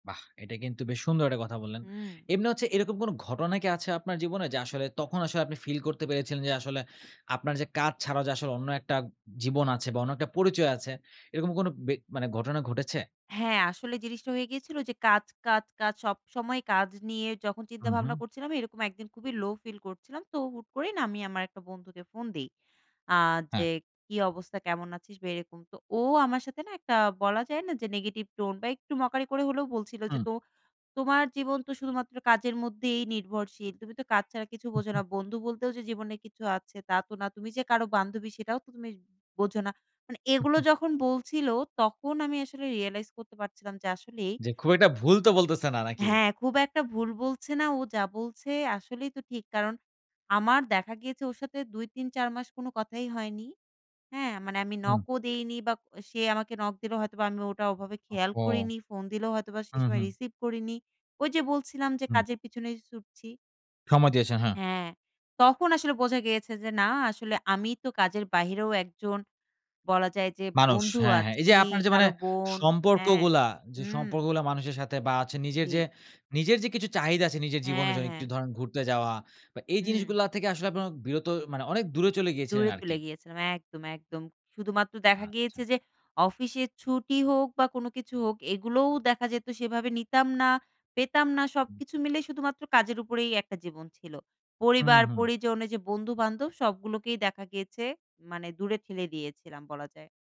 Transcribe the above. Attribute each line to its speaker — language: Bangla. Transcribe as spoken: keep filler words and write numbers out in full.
Speaker 1: বাহ! এটা কিন্তু বেশ সুন্দর একটা কথা বললেন।
Speaker 2: হুম।
Speaker 1: এমনি হচ্ছে এরকম কোনো ঘটনা কি আছে আপনার জীবনে? যে আসলে, তখন আসলে, আপনি ফিল করতে পেরেছিলেন যে, আসলে আপনার যে কাজ ছাড়াও যে আসলে, অন্য একটা জীবন আছে বা অন্য একটা পরিচয় আছে, এরকম কোনো বে মানে কোনো ঘটনা ঘটেছে?
Speaker 2: হ্যাঁ, আসলে জিনিসটা হয়ে গিয়েছিল যে, কাজ, কাজ, কাজ! সবসময় কাজ নিয়ে যখন
Speaker 1: হু,
Speaker 2: চিন্তা ভাবনা
Speaker 1: হু।
Speaker 2: করছিলাম এরকম এক দিন খুবই লো ফিল করছিলাম। তো হুট করেই না আমি আমার একটা বন্ধুকে ফোন দেই। আ
Speaker 1: হ্যাঁ।
Speaker 2: যে কি অবস্থা? কেমন আছিস? বা এরকম। তো ও আমার সাথে না একটা বলা যায় না যে, negative tone বা একটু mockery করে হলেও বলছিল যে,
Speaker 1: হুম।
Speaker 2: "তো তোমার জীবন তো শুধুমাত্র কাজের মধ্যেই নির্ভরশীল। তুমি তো কাজ ছাড়া কিছু
Speaker 1: হু,
Speaker 2: বোঝো না।
Speaker 1: হু।
Speaker 2: বন্ধু বলতেও যে জীবনে কিছু আছে তা তো না। তুমি যে কারো বান্ধবী সেটাও তো তুমি বোঝো না।" মানে
Speaker 1: হু,
Speaker 2: এগুলো
Speaker 1: হু।
Speaker 2: যখন বলছিল তখন আমি আসলে realize করতে পারছিলাম যে আসলেই
Speaker 1: জি, খুব একটা ভুল তো বলতেছে না। নাকি?
Speaker 2: হ্যাঁ, খুব একটা ভুল বলছে না। ও যা বলছে আসলেই তো ঠিক। কারণ, আমার দেখা গিয়েছে ওর সাথে দুই, তিন, চার মাস কোনো কথাই হয়নি, হ্যাঁ? মানে আমি
Speaker 1: হুম।
Speaker 2: নকও দেইনি বা আ সে আমাকে নক দিলেও হয়তোবা আমি ওটা ওভাবে খেয়াল
Speaker 1: ওহহো!
Speaker 2: করিনি। ফোন দিলেও হয়তোবা সেই
Speaker 1: হু,
Speaker 2: সময়
Speaker 1: হু।
Speaker 2: রিসিভ করিনি। ওই যে বলছিলাম যে
Speaker 1: হুম।
Speaker 2: কাজের পিঁছনেই ছুটছি।
Speaker 1: সময় দিয়েছেন। হ্যাঁ।
Speaker 2: হ্যাঁ, তখন আসলে বোঝা গিয়েছে যে, "না আসলে আমি তো কাজের বাহিরেও একজন বলা যায় যে
Speaker 1: মানুষ।
Speaker 2: বন্ধু
Speaker 1: হ্যাঁ, হ্যাঁ। এই
Speaker 2: আছি,
Speaker 1: যে আপনার যে মানে
Speaker 2: কারো বোন" হ্যাঁ,
Speaker 1: সম্পর্কগুলা; যে
Speaker 2: হুম।
Speaker 1: সম্পর্কগুলা মানুষের সাথে বা আছে নিজের যে,
Speaker 2: জি।
Speaker 1: নিজের যে কিছু চাহিদা আছে, নিজের জীবনের
Speaker 2: হ্যাঁ,
Speaker 1: জন্য
Speaker 2: হ্যাঁ।
Speaker 1: একটু ধরেন ঘুরতে যাওয়া বা এই
Speaker 2: হুম।
Speaker 1: জিনিসগুলা থেকে আসলে আপনার বিরত মানে অনেক দূরে চলে গিয়েছিলেন
Speaker 2: দূরে চলে
Speaker 1: আরকি?
Speaker 2: গিয়েছিলাম। একদম, একদম। শুধুমাত্র দেখা গিয়েছে
Speaker 1: আচ্ছা।
Speaker 2: যে, অফিসে ছুটি হোক বা কোনো কিছু হোক এগুলোও দেখা যেত সেভাবে নিতাম না, পেতাম না;
Speaker 1: হুম।
Speaker 2: সবকিছু মিলে শুধুমাত্র কাজের উপরেই একটা জীবন ছিল।
Speaker 1: হু,
Speaker 2: পরিবার,
Speaker 1: হু।
Speaker 2: পরিজন এই যে বন্ধু-বান্ধব সবগুলোকেই দেখা গিয়েছে মানে দূরে ঠেলে দিয়েছিলাম বলা যায়।